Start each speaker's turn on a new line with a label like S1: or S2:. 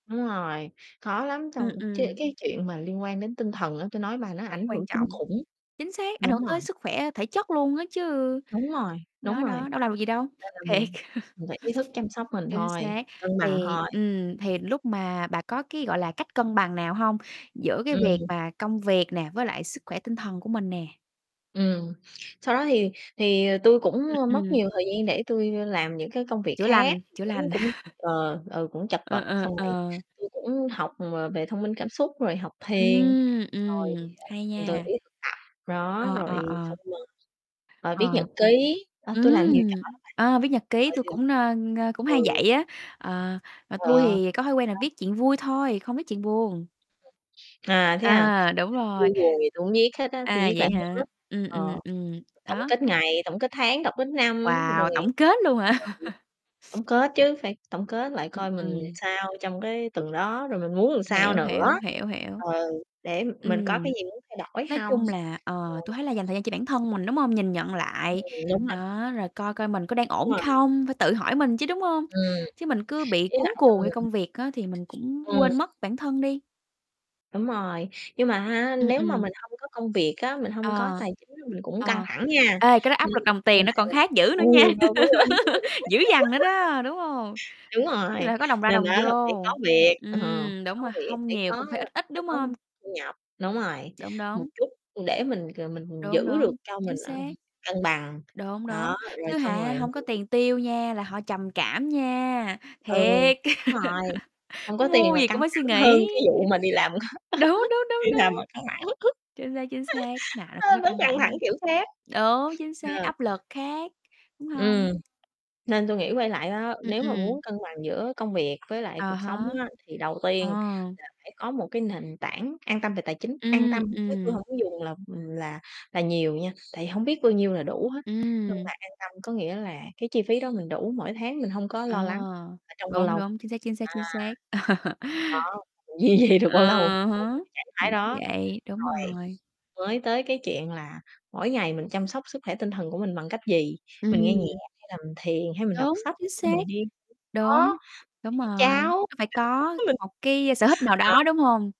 S1: Đúng rồi, khó lắm,
S2: Ừm,
S1: trong chế
S2: ừm.
S1: cái chuyện mà liên quan đến tinh thần á, tui nói bà nó
S2: Rất
S1: ảnh
S2: quan
S1: hưởng kinh
S2: trọng.
S1: khủng,
S2: Chính xác, ảnh
S1: đúng
S2: hưởng
S1: rồi.
S2: tới sức khỏe thể chất luôn á chứ,
S1: Đúng rồi, đúng
S2: đó,
S1: rồi,
S2: đó, đâu
S1: nên
S2: làm được gì đâu,
S1: là
S2: thiệt.
S1: mình mình phải ý thức chăm sóc mình
S2: Chính
S1: thôi,
S2: xác,
S1: cân bằng
S2: thì
S1: thôi.
S2: ừm, thì lúc mà bà có cái, gọi là, cách cân bằng nào hông, giữa cái
S1: Ừm
S2: việc
S1: hừm.
S2: mà công việc nè với lại sức khỏe tinh thần của mình nè?
S1: Ừm, sau đó thì thì, ờ, tui cũng,
S2: Ừm,
S1: ơ, mất
S2: ừm.
S1: nhiều thời gian để tui, ơ, làm những cái công việc
S2: Chữa
S1: khác,
S2: lành, chữa lành.
S1: cũng cũng ờ, ừ, cũng chật
S2: Ờ,
S1: vật,
S2: ờ,
S1: xong rồi
S2: ờ.
S1: tui cũng học, ờ, về thông minh cảm xúc rồi học thiền,
S2: Ừm,
S1: rồi,
S2: ừm, hay
S1: ờ, từ từ
S2: nha.
S1: [unintelligible] tập, đó,
S2: Ờ, ờ,
S1: rồi
S2: ờ.
S1: xong [unintelligible] ờ,
S2: Ờ.
S1: viết nhật ký, ơ, tui làm nhiều
S2: Ừm,
S1: trò mà
S2: ờ, viết nhật ký,
S1: rồi
S2: tui
S1: thì,
S2: cũng, nơ, ơ, cũng hay
S1: ừ.
S2: vậy á, ờ, mà tui
S1: Ờ.
S2: thì có thói quen là
S1: [unintelligible]
S2: viết chuyện vui thôi, không viết chuyện buồn.
S1: À, thế à?
S2: À, đúng
S1: tui
S2: rồi.
S1: vui buồn gì tui cũng viết hết á, tui
S2: À,
S1: viết lại
S2: vậy
S1: hết,
S2: hả? Ừm, ừm,
S1: ờ,
S2: ừm,
S1: tổng
S2: đó.
S1: kết ngày, tổng kết tháng, tổng kết năm
S2: Wow,
S1: rồi
S2: tổng kết luôn hả?
S1: [unintelligible] tổng kết chứ, phải tổng kết lại
S2: Ừm,
S1: coi mình
S2: ừm.
S1: sao trong cái tuần đó, rồi mình muốn làm sao
S2: Hiểu,
S1: nữa,
S2: hiểu, hiểu, hiểu.
S1: ờ, để m
S2: Ừm,
S1: mình có cái gì muốn thay đổi
S2: nói
S1: hông.
S2: chung
S1: [unintelligible]
S2: là, ờ, tui thấy là dành thời gian cho bản thân mình, đúng hông? Nhìn nhận lại,
S1: Ừm, đúng ha.
S2: đó, rồi coi coi mình có đang
S1: Đúng
S2: ổn
S1: rồi.
S2: không, phải tự hỏi mình chứ, đúng hông?
S1: Ừm.
S2: Chứ mình cứ bị
S1: Ý
S2: cuống
S1: lại rằng
S2: cuồng vô
S1: mình
S2: công việc á thì mình cũng
S1: Ừm.
S2: quên mất bản thân đi.
S1: Đúng rồi, nhưng mà ha,
S2: Ừm,
S1: nếu mà mình
S2: ừm.
S1: hông có công việc á, mình hông có
S2: Ờ.
S1: tài chính là mình cũng căng
S2: Ờ,
S1: thẳng nha.
S2: ê, cái đó
S1: Nhưng
S2: áp lực
S1: mà
S2: đồng
S1: quay
S2: tiền nó
S1: lại
S2: còn khác
S1: là
S2: dữ
S1: [unintelligible]
S2: nữa nha,
S1: đúng rồi,
S2: dữ dằn nữa đó, đúng hông?
S1: đúng
S2: Nói chung
S1: rồi,
S2: là có đồng ra,
S1: nên
S2: đồng
S1: á là phải có
S2: vô,
S1: việc, ờ,
S2: ừm, đúng
S1: có
S2: rồi,
S1: việc,
S2: hông
S1: phải
S2: nhiều
S1: có
S2: cũng phải ít ít,
S1: phải
S2: đúng
S1: có
S2: hông?
S1: thu nhập đúng rồi,
S2: Đúng,
S1: một
S2: đúng.
S1: chút để mình, ờ, mình
S2: Đúng,
S1: giữ được
S2: đúng,
S1: cho mình,
S2: chính
S1: ờ,
S2: xác.
S1: cân bằng,
S2: Đúng, đúng,
S1: đó, rồi,
S2: chứ
S1: xong
S2: hả,
S1: rồi
S2: hông có
S1: ừm.
S2: tiền tiêu nha là họ trầm cảm nha,
S1: Ừ,
S2: thiệt,
S1: đúng rồi, không có
S2: muốn
S1: tiền
S2: mua
S1: mà
S2: gì
S1: căng
S2: cũng phải suy
S1: thẳng hơn
S2: nghĩ.
S1: cái vụ mà đi làm
S2: Đúng, đúng, đúng,
S1: đi làm mà
S2: đúng.
S1: căng thẳng,
S2: Chính xác, chính xác, nào nó cũng có
S1: nó
S2: căng
S1: căng
S2: thẳng
S1: thẳng
S2: đó
S1: kiểu khác,
S2: đúng, chính xác,
S1: ờ.
S2: áp lực khác, đúng hông?
S1: Ừm, nên tui nghĩ quay lại á,
S2: Ừm,
S1: nếu mà
S2: ừm.
S1: muốn cân bằng giữa công việc với lại
S2: À
S1: cuộc sống
S2: há.
S1: á thì đầu tiên
S2: À.
S1: là phải có một cái nền tảng an tâm về tài chính, an
S2: Ưm,
S1: tâm chứ tui
S2: ừm.
S1: hông có dùng làm, ừm, là là nhiều nha, tại hông biết bao nhiêu là đủ hết, nhưng
S2: Ừm.
S1: mà an tâm có nghĩa là cái chi phí đó mình đủ, mỗi tháng mình hông có
S2: Ờ,
S1: lo lắng ở trong bao
S2: đúng,
S1: lâu,
S2: đúng, chính xác, chính xác,
S1: à.
S2: chính xác.
S1: Đó, mình duy trì được
S2: À
S1: bao lâu [unintelligible]
S2: há,
S1: trạng thái
S2: bởi
S1: đó,
S2: vậy, đúng
S1: rồi
S2: rồi.
S1: mới tới cái chuyện là mỗi ngày mình chăm sóc sức khỏe tinh thần của mình bằng cách gì, mình nghe nhạc
S2: Ừm.
S1: hay là mình thiền, hay mình đọc
S2: Đúng,
S1: sách,
S2: chính
S1: hay
S2: xác,
S1: mình đi đó,
S2: đúng, đúng rồi,
S1: chơi với cháu
S2: nó phải có một cái sở thích nào
S1: [unintelligible]
S2: đó,
S1: ờ.
S2: đúng hông?